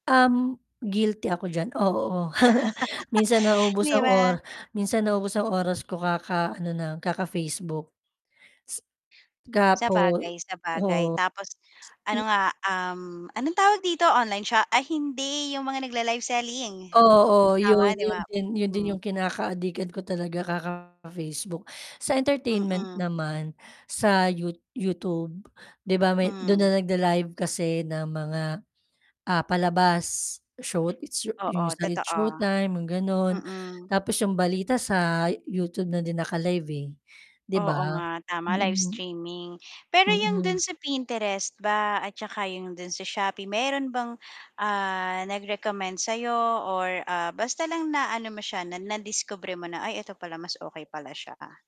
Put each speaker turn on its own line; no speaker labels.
Uhm, guilty ako diyan, oo, minsan nau-ubos
'Di
ang
ba?
ora minsan nau-ubos ang oras ko ka ka-ano na kaka-Facebook. Gapo oo s
Sabagay, sabagay tapos
m
ano nga, uhm, anong tawag dito online shop, ay hindi yung mga nagla-live selling,
Oo
tama,
'yon,
'di
'yon
ba?
din 'yon din 'yong
Hmm.
kinaka-adikan ko talaga kaka-Facebook, sa entertainment
Mm.
naman sa yuo YouTube, 'di ba may do'n na
Mhm.
nag-la-live kasi ng mga, ah, palabas show it's
Oo,
it's
totoo,
showtime mga ganun,
mm.
tapos 'yong balita sa YouTube na din naka-live, eh, 'di
Oo
ba.
nga, tama, live
Mm.
streaming, pero yung dun
Mm.
sa Pinterest ba at 'tsaka yung dun sa Shopee, meron bang, ah, nag-recommend sayo or, ah, basta lang na-ano mo siya, na nadiskubre mo na, ay eto pala mas okay pala siya.